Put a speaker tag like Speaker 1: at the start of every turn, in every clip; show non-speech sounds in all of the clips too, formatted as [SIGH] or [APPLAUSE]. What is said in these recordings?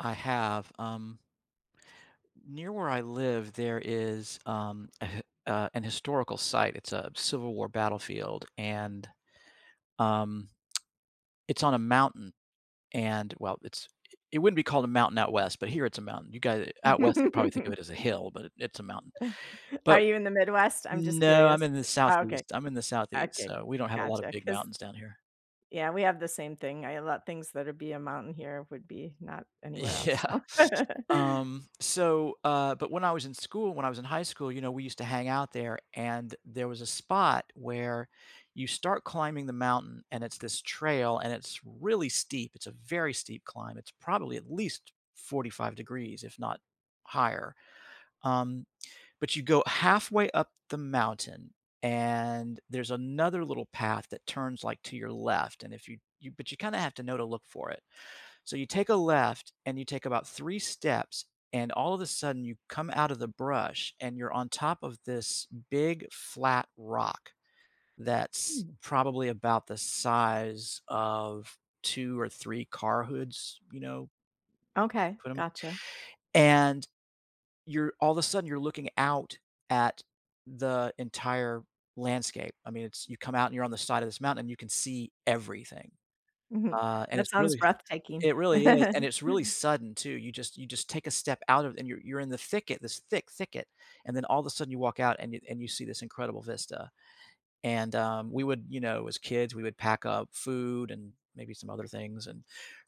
Speaker 1: I have, um near where I live, there is, um, [CHUCKLES] uh, an historical site, it's a civil war battlefield, and, um, [TSK] it's on a mountain. And, well, it's it wouldn't be called a mountain out west, but here it's a mountain, you got it out west, you probably think of it as a
Speaker 2: [CHUCKLES]
Speaker 1: hill, but it's a mountain,
Speaker 2: [CHUCKLES] Are
Speaker 1: but
Speaker 2: you in the Midwest? I'm just
Speaker 1: No, I'm
Speaker 2: curious.
Speaker 1: in the
Speaker 2: Oh, okay.
Speaker 1: Southeast I'm in the Southeast,
Speaker 2: Okay.
Speaker 1: so we don't have a lot of
Speaker 2: Gotcha,
Speaker 1: big
Speaker 2: 'cause
Speaker 1: mountains down here.
Speaker 2: yeah, we have the same thing. I let things that would be a mountain here would be not anywhere else.
Speaker 1: Yeah,
Speaker 2: [CHUCKLES]
Speaker 1: um, so, uh, but when I was in school- when I was in high school- you know, we used to hang out there, and there was a spot where you start climbing the mountain, and it's this trail, and it's really steep, it's a very steep climb, it's probably at least 45 degrees, if not higher. Um, but you go halfway up the mountain, and there's another little path that turns, like, to your left, and if you you but you kinda have to know to look for it. So you take a left, and you take about 3 steps, and all of a sudden, you come out of the brush, and you're on top of this big flat rock that's
Speaker 2: Mm.
Speaker 1: probably about the size of 2 or 3 car hoods, you know
Speaker 2: Okay,
Speaker 1: put ‘em a
Speaker 2: gotcha.
Speaker 1: And you're all the sudden, you're looking out at the entire landscape, I mean, it's you come out and you're on the side of this mountain, and you can see everything,
Speaker 2: Mhm.
Speaker 1: uh, and
Speaker 2: That
Speaker 1: it's
Speaker 2: sounds
Speaker 1: really
Speaker 2: breathtaking.
Speaker 1: it really is, and it's really
Speaker 2: [CHUCKLES]
Speaker 1: sudden too, you just you just take a step out of and you're you're in the thicket, this thick thicket, and then all of sudden you walk out and you and you see this incredible vista. And, um, we would, you know, as kids, we would pack up food and maybe some other things and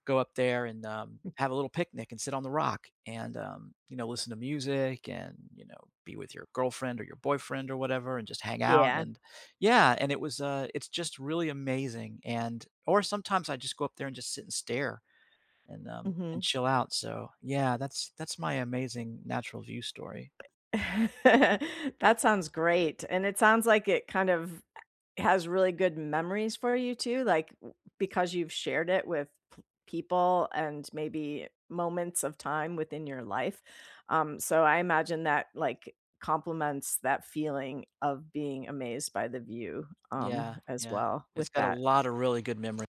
Speaker 1: go up there and, um, have a little picnic and sit on the rock and, um, you know, listen to music and, you know, be with your girlfriend or your boyfriend or whatever and just hang out,
Speaker 2: Yeah.
Speaker 1: and yeah, and it was, uh, it's just really amazing, and or sometimes I just go up there and just sit and stare and, um, and
Speaker 2: Mhm.
Speaker 1: chill out, so, yeah, that's that's my amazing natural view story.
Speaker 2: [CHUCKLES] That sounds great, and it sounds like it kind of has really good memories for you too, like, because you've shared it with people and maybe moments of time within your life, um, so I imagine that, like, compliments that feeling of being amazed by the view,
Speaker 1: Yeah,
Speaker 2: um, as
Speaker 1: yeah.
Speaker 2: well with
Speaker 1: It's got a
Speaker 2: that.
Speaker 1: lot of really good memory.